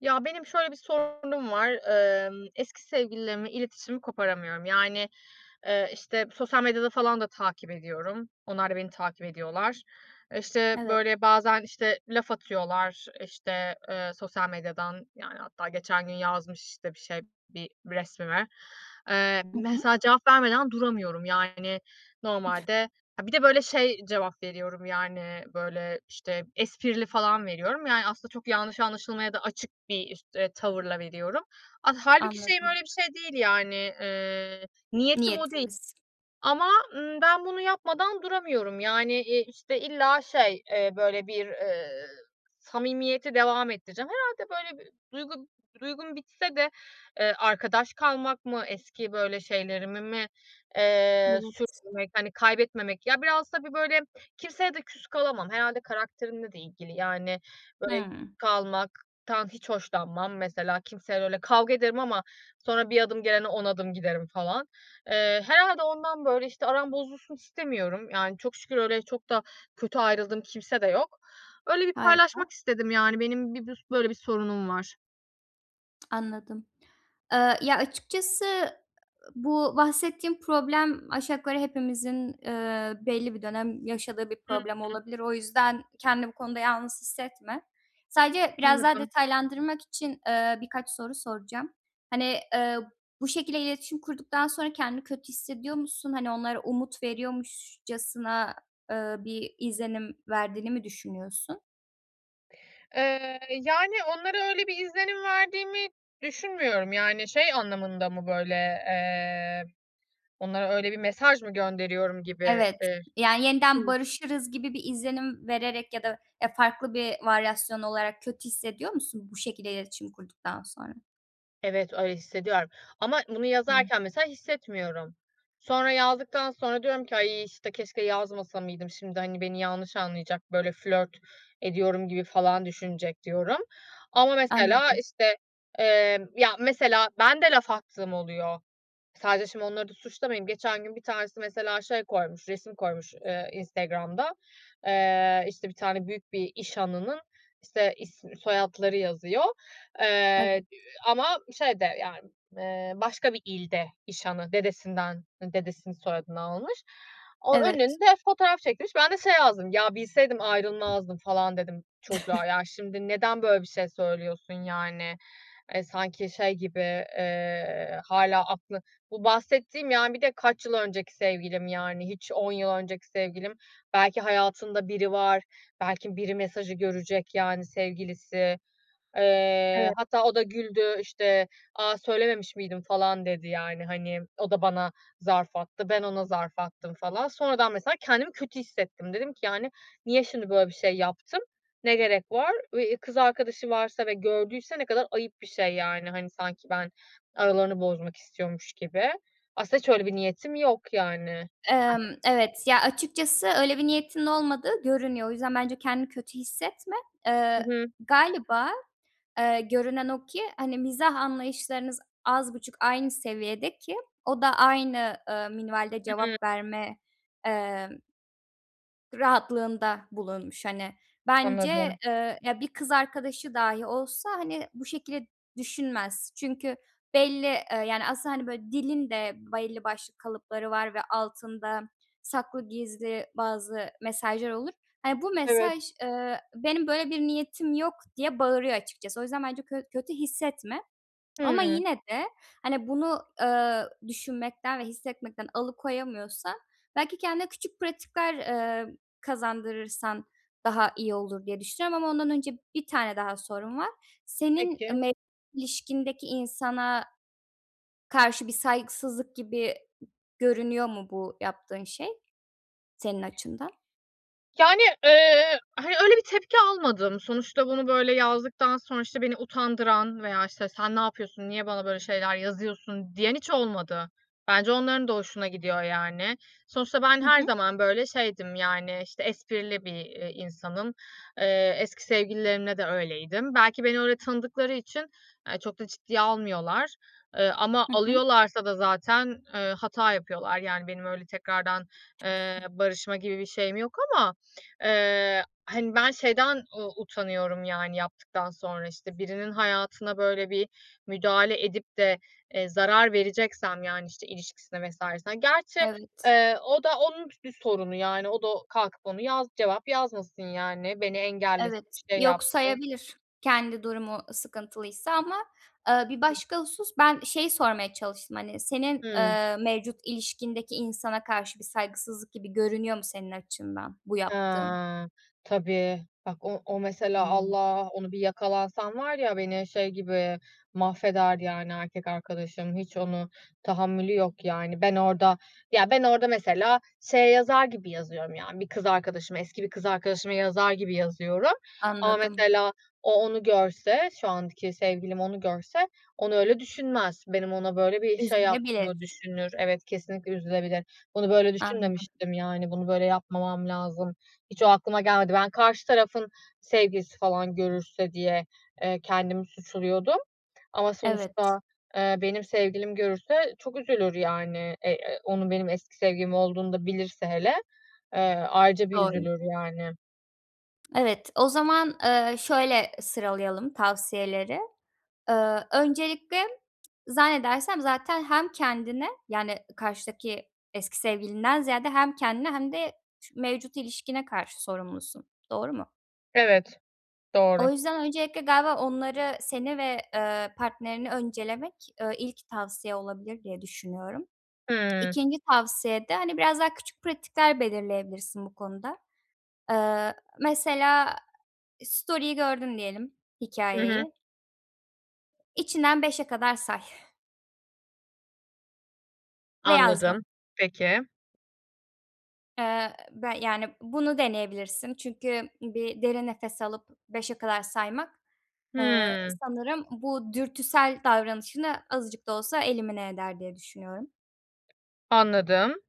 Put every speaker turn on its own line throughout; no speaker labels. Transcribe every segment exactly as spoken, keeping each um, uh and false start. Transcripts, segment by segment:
Ya, benim şöyle bir sorunum var. Imm, eski sevgililerimle iletişimi koparamıyorum. Yani, eee, işte, sosyal medyada falan da takip ediyorum. Onlar da beni takip ediyorlar. E, işte,
Evet.
böyle, bazen, işte, laf atıyorlar, işte, eee, sosyal medyadan. Yani, hatta geçen gün yazmış, işte, bir şey, bir resmime. Eee,
Hı hı.
mesela cevap vermeden duramıyorum yani normalde. Ha, bir de böyle şey cevap veriyorum yani, böyle, işte, esprili falan veriyorum. Yani aslında çok yanlış anlaşılmaya da açık bir işt eee, tavırla veriyorum. Ah, hâlbuki şeyim,
Anladım.
öyle bir şey değil. Yani, eee, niyetim o değil
Niyetiniz.
ama, ııı, ben bunu yapmadan duramıyorum. Yani e, işte, illa şey, eee, böyle, bir, eee, samimiyeti devam ettireceğim. Herhâlde, böyle, bir duygu b duygum bitse de, eee, arkadaş kalmak mı, eski, böyle, şeylerimi mi, eee,
Evet.
sürdürmek, hani kaybetmemek. Ya, biraz tabii, böyle, kimseye de küs kalamam. Herhâlde karakterimle de ilgili, yani böyle
Hıı.
kalmak tan hiç hoşlanmam. Mesela kimseyle öyle Kavga ederim ama sonra bir adım gelene on adım giderim falan. Eee, herhâlde ondan, böyle, işte, aram bozulsun istemiyorum. Yani çok şükür öyle çok da kötü ayrıldığım kimse de yok. Öyle bir
Harika.
paylaşmak istedim. Yani, benim bir, [unintelligible] böyle bir sorunum var.
Anladım. Eee, ya, açıkçası bu bahsettiğin problem aşağı yukarı hepimizin, eee, belli bir dönem yaşadığı bir
Hıı.
problem olabilir. O yüzden kendini bu konuda yalnız hissetme. Sadece biraz daha
Anladım.
detaylandırmak için, eee, birkaç soru soracağım. Hani, ııı, bu şekilde iletişim kurduktan sonra kendini kötü hissediyor musun? Hani, onlara umut veriyormuşçasına, ııı, bir izlenim verdiğini mi düşünüyorsun?
Eee, yani, onlara öyle bir izlenim verdiğimi düşünmüyorum. Yani, şey anlamında mı? Böyle, eee, onlara öyle bir mesaj mı gönderiyorum gibidir.
Evet, yani,
Hı.
yeniden barışırız gibi bir izlenim vererek ya da, eee, farklı bir varyasyon olarak kötü hissediyor musun bu şekilde iletişim kurduktan sonra?
Evet, öyle hissediyorum ama bunu
Hı.
yazarken mesela hissetmiyorum. Sonra yazdıktan sonra diyorum ki: "Ay, işte, keşke yazmasa mıydım? Şimdi, hani, beni yanlış anlayacak, böyle flört ediyorum gibi falan düşünecek" diyorum. Ama mesela,
Anladım.
işte, eee, ya, mesela, ben de laf attığım oluyor. Sadece, şimdi, onları da suçlamayayım. Geçen gün bir tanesi mesela şey koymuş, resim koymuş, eee, Instagram'da. Eee, işte, bir tane büyük bir iş hanının, işte, isim, soyadları yazıyor, eee,
Evet.
[unintelligible] ama şeyde, yani, eee, başka bir ilde iş hanı, dedesinden, dedesinin soyadını almış. O
Evet.
önünde fotoğraf çektirmiş. Ben de şey yazdım: "Ya, bilseydim ayrılmazdım" falan dedim çocuğa. Ya, şimdi, neden böyle bir şey söylüyorsun yani? E, sanki şey gibi, eee, hâlâ aklı bu bahsettiğim, yani, bir de kaç yıl önceki sevgilim, yani hiç on yıl önceki sevgilim. Belki hayatında biri var, belki biri mesajı görecek, yani, sevgilisi. Eee,
Evet.
hatta o da güldü, işte, "A söylememiş miydim falan?" dedi. Yani, hani, o da bana zarf attı. Ben ona zarf attım falan. Sonradan mesela kendimi kötü hissettim. Dedim ki: "Yani, niye şimdi böyle bir şey yaptım, ne gerek var?" Eee, i kız arkadaşı varsa ve gördüyse ne kadar ayıp bir şey, yani. Hani, sanki ben aralarını bozmak istiyormuş gibi. Aslında hiç öyle bir niyetim yok, yani.
Emm,
[unintelligible]
evet, ya, açıkçası öyle bir niyetinin olmadığı görünüyor. O yüzden bence kendini kötü hissetme.
Hı
Eee,
hı.
galiba, eee, görünen o ki, hani, mizah anlayışlarınız az buçuk aynı seviyede ki o da aynı, ııı, minvalde
Hı hı.
cevap verme, eee, rahatlığında bulunmuş, hani, bence,
Anladım.
eee, ya, bir kız arkadaşı dâhi olsa, hani, bu şekilde düşünmez. Çünkü belli, eee, yani aslında, hani, böyle dilin de belli başlı kalıpları var ve altında saklı, gizli bazı mesajlar olur. Hani, bu
Evet.
mesaj, ııı, "Benim böyle bir niyetim yok" diye bağırıyor açıkçası. O yüzden bence kö kötü hissetme ama
Hıı.
yine de, hani, bunu, eee, düşünmekten ve hissetmekten alıkoyamıyorsan belki kendine küçük pratikler, eee, kazandırırsan daha iyi olur diye düşünüyorum ama ondan önce bir tane daha sorum var. Senin
Peki.
me ilişkindeki insana karşı bir saygısızlık gibi görünüyor mu bu yaptığın şey senin açından?
Yani, eee, hani, öyle bir tepki almadım. Sonuçta bunu böyle yazdıktan sonra, işte, beni utandıran veya, işte, "Sen ne yapıyorsun, niye bana böyle şeyler yazıyorsun?" diyen hiç olmadı. Bence onların da hoşuna gidiyor, yani. Sonuçta ben
Hı
her
hı.
zaman böyle şeydim, yani, işte, esprili bir, eee, insanım. Eee, eski sevgililerimde de öyleydim. Belki beni öyle tanıdıkları için, eee, çok da ciddiye almıyorlar. E, ama
Hı hı.
alıyorlarsa da zaten, eee, hata yapıyorlar yani benim öyle tekrardan, eee, barışma gibi bir şeyim yok ama, eee, hani, ben şeyden u utanıyorum; yani yaptıktan sonra, işte, birinin hayatına böyle bir müdahale edip de, eee, zarar vereceksem yani, işte, ilişkisine vs.ne Gerçi,
Evet.
eee, o da onun b bir sorunu yani o da kalkıp onu yaz cevap yazmasın yani, beni engellesin,
Evet,
bir şey
yok
yapsın.
sayabilir kendi durumu sıkıntılıysa ama, eee, bir
Hı.
başka husus, ben şeyi sormaya çalıştım, hani, senin,
Hımm.
eee, mevcut ilişkindeki insana karşı bir saygısızlık gibi görünüyor mu, senin açından bu yaptığın?
Eee. Tabii. Bak o o mesela,
Hımm.
Allah onu bir yakalansan var ya, beni şey gibi mahveder, yani erkek arkadaşım. Hiç onu tahammülü yok yani. Ben orada Ya, ben orada mesela şeye yazar gibi yazıyorum, yani, bir kız arkadaşıma, eski bir kız arkadaşıma yazar gibi yazıyorum ama
Anladım.
mesela o onu görse, şu anki sevgilim onu görse, onu öyle düşünmez. Benim ona böyle bir şey
Üzülebilir.
yaptığımı düşünür. Evet, kesinlikle üzülebilir. Bunu böyle
Anladım.
düşünmemiştim, yani, bunu böyle yapmamam lazım. Hiç o aklıma gelmedi. Ben karşı tarafın sevgilisi falan görürse diye, eee, kendimi suçluyordum. Ama
Evet.
sonuçta, eee, benim sevgilim görürse çok üzülür, yani. Ey, eee, onun benim eski sevgilim olduğunu da bilirse hele, eee, ayrıca bir
Doğru.
üzülür yani.
Evet, o zaman, eee, şöyle sıralayalım tavsiyeleri. Eee, öncelikle zannedersem zaten hem kendine, yani, karşıdaki eski sevgilinden ziyade hem kendine hem de ş mevcut ilişkine karşı sorumlusun. Doğru mu?
Evet, doğru.
O yüzden öncelikle galiba onları, seni ve, eee, partnerini öncelemek, eee, ilk tavsiye olabilir diye düşünüyorum.
Hımm.
ikinci tavsiye de, hani, biraz daha küçük pratikler belirleyebilirsin bu konuda. Eee, mesela story'yi gördün diyelim
Hı hı.
hikayeyi. İçinden beşe kadar say. Ve
Anladım,
yazma.
peki.
Eee, be yani, bunu deneyebilirsin. Çünkü bir derin nefes alıp beşe kadar saymak, eee,
Hımm.
sanırım bu dürtüsel davranışını azıcık da olsa elimine eder diye düşünüyorum.
Anladım.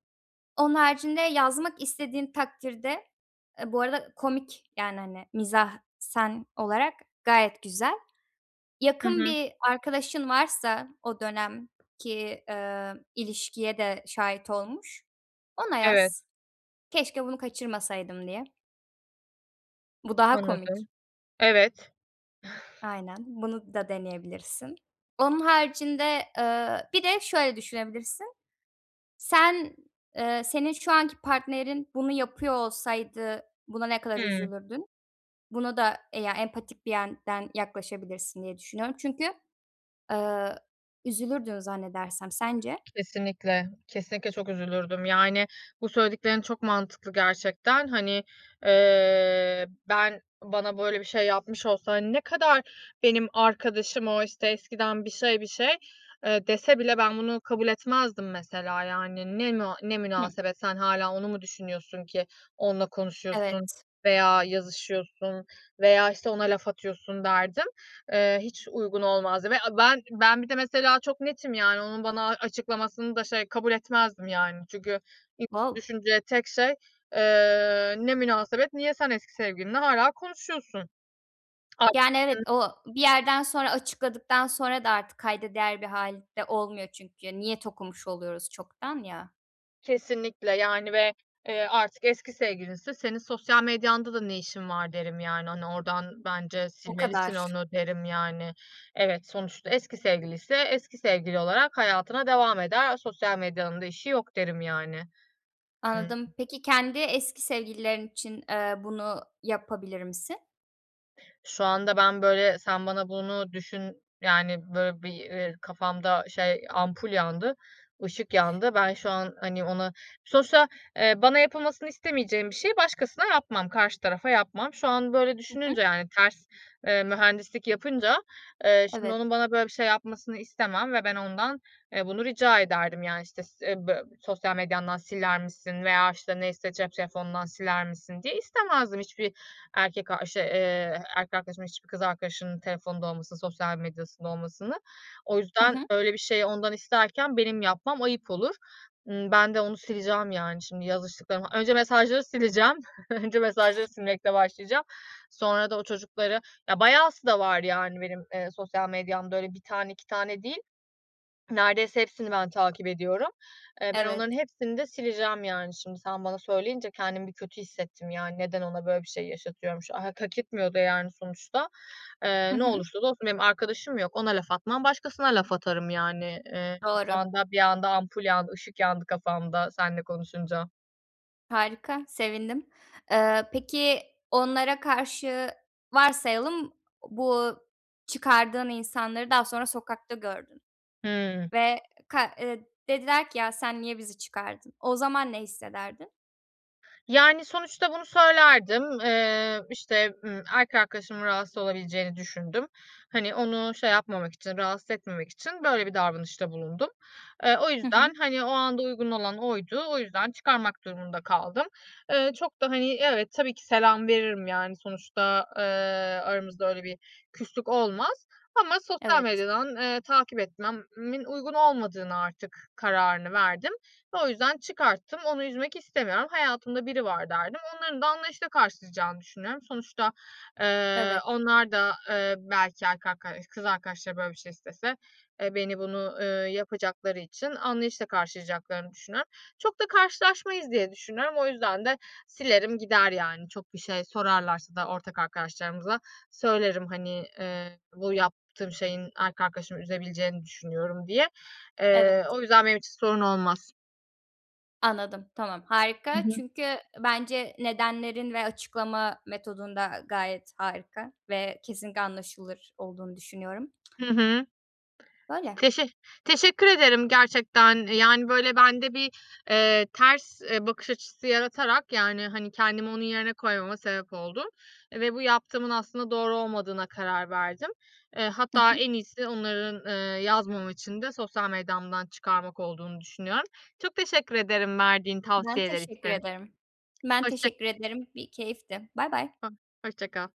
Onun haricinde yazmak istediğin takdirde e, bu arada komik, yani, hani, mizahsen olarak gayet güzel.
Hı
Yakın
hı.
bir arkadaşın varsa o dönemki, eee, ilişkiye de şahit olmuş, ona
Evet.
yaz keşke bunu kaçırmasaydım diye. Bu daha komik.
Anladım. Evet.
Aynen, bunu da deneyebilirsin. Onun haricinde, ııı, bir de şöyle düşünebilirsin. Sen, eee, senin şu anki partnerin bunu yapıyor olsaydı buna ne kadar
Hıı.
üzülürdün? Buna da e ya, empatik bir yenden yaklaşabilirsin diye düşünüyorum çünkü, ııı, üzülürdün zannedersem. Sence?
Kesinlikle. Kesinlikle çok üzülürdüm. Yani, bu söylediklerin çok mantıklı gerçekten. Hani, eee, ben, bana böyle bir şey yapmış olsa, hani, ne kadar benim arkadaşım o işte eskiden bir şey bir şey, eee, dese bile ben bunu kabul etmezdim mesela, yani. Ne na ne
Hıh.
münasebet? Sen hâlâ onu mu düşünüyorsun ki onunla konuşuyorsun
Evet.
veya yazışıyorsun veya, işte, ona laf atıyorsun derdim, ııı, hiç uygun olmazdı ve a ben ben bir de mesela çok netim yani. Onun bana açıklamasını da, şey, kabul etmezdim, yani. Çünkü ilk
Wow.
düşüneceğim tek şey, eee, ne münasebet, niye sen eski sevgilinle hâlâ konuşuyorsun.
Yani, evet,
Haklısın.
o bir yerden sonra, açıkladıktan sonra da artık kayda değer bir hâl de olmuyor çünkü niyet okumuş oluyoruz çoktan ya.
Kesinlikle yani ve, eee, artık eski sevgilinse: "Senin sosyal medyanda da ne işin var?" derim, yani, hani, "Oradan bence
O
silmelisin
kadar.
onu." derim yani. Evet, sonuçta eski sevgiliyse eski sevgili olarak hayatına devam eder. A sosyal medyanın da işi yok derim yani.
Anladım.
[unintelligible]
Peki kendi eski sevgililerin için, eee, bunu yapabilir misin?
Şu anda ben böyle sen bana bunu düşün yani böyle bir, eee, kafamda şey ampul yandı, ışık yandı. Ben şu an, hani, ona Sonuçta, eee, bana yapılmasını istemeyeceğim bir şeyi başkasına yapmam, karşı tarafa yapmam. Şu an böyle
Hı hı.
düşününce yani ters, eee, mühendislik yapınca, eee, şimdi
Evet.
onun bana böyle bir şey yapmasını istemem ve ben ondan, eee, bunu rica ederdim, yani, işte, s eee, bö "Sosyal medyandan siler misin?" veya, işte, neyse "Cep telefonundan siler misin?" diye istemezdim hiçbir erkek arşı eee, erkek arkadaşımın hiçbir kız arkadaşımın telefonunda olmasını, sosyal medyasında olmasını. O
Hı
yüzden
hı.
öyle bir şeyi ondan isterken benim yapmam ayıp olur. Imm, ben de onu sileceğim, yani, şimdi yazıştıklarım Önce mesajları sileceğim. Önce mesajları silmekle başlayacağım. Sonra da o çocukları Ya bayağı aslında var, yani, benim, eee, sosyal medyamda öyle bir tane iki tane değil. Neredeyse hepsini ben takip ediyorum. Eee, ben onların
Evet.
hepsini de sileceğim, yani, şimdi sen bana söyleyince kendimi bir kötü hissettim yani neden ona böyle bir şey yaşatıyormuş. Ha hak etmiyordu, yani, sonuçta. Eee,
Hı
ne
hı.
olursa olsun benim arkadaşım mı yok. Ona laf atmam, başkasına laf atarım yani. Eee, şu
Doğru.
anda bir anda ampul yandı, ışık yandı kafamda seninle konuşunca.
Harika, sevindim. Eee, peki onlara karşı varsayalım bu çıkardığın insanları daha sonra sokakta gördün
Hımm.
ve ka eee, dediler ki ya sen niye bizi çıkardın? O zaman ne hissederdin?
Yani, sonuçta bunu söylerdim. Eee, işte, ımm, erkek arkadaşımın rahatsız olabileceğini düşündüm. Hani, onu şey yapmamak için, rahatsız etmemek için, böyle, bir davranışta bulundum. Eee, o
Hı hı.
yüzden, hani, o anda uygun olan oydu. O yüzden çıkarmak durumunda kaldım. Eee, çok da, hani, evet, tabii ki selam veririm, yani, sonuçta, eee, aramızda öyle bir küslük olmaz ama sosyal
Evet.
medyadan, eee, takip etmemin uygun olmadığını artık kararını verdim ve o yüzden çıkarttım. Onu üzmek istemiyorum. Hayatımda biri var derdim. Onların da anlayışla karşılayacağını düşünüyorum. Sonuçta, eee,
Evet.
onlar da, eee, belki erkek ark kız arkadaşları, böyle, bir şey istese beni bunu yapacakları için anlayışla karşılayacaklarını düşünüyorum. Çok da karşılaşmayız diye düşünüyorum. O yüzden de silerim gider yani. Çok bir şey sorarlarsa da ortak arkadaşlarımıza söylerim, hani, eee, bu yaptığım şeyin erkek arkadaşımı üzebileceğini düşünüyorum diye. Eee,
Evet.
o yüzden benim için sorun olmaz.
Anladım. Tamam.
Hı
Harika
hı.
çünkü bence nedenlerin ve açıklama metodun da gayet harika ve kesinlikle anlaşılır olduğunu düşünüyorum.
Hı hı.
Böyle.
Teşe teşekkür ederim gerçekten. Yani, böyle, bende bir, eee, ters, eee, bakış açısı yaratarak yani, hani, kendimi onun yerine koymama sebep oldun ve bu yaptığımın aslında doğru olmadığına karar verdim. Eee,
Hı
hatta
hı.
en iyisi onların, eee, yazmama için de sosyal medyamdan çıkarmak olduğunu düşünüyorum. Çok teşekkür ederim verdiğin
Ben
tavsiyeler
teşekkür
için.
ederim. Ben
Hoşça
teşekkür ederim. Bir keyifti. Baybay.
[unintelligible] Hoşçakal.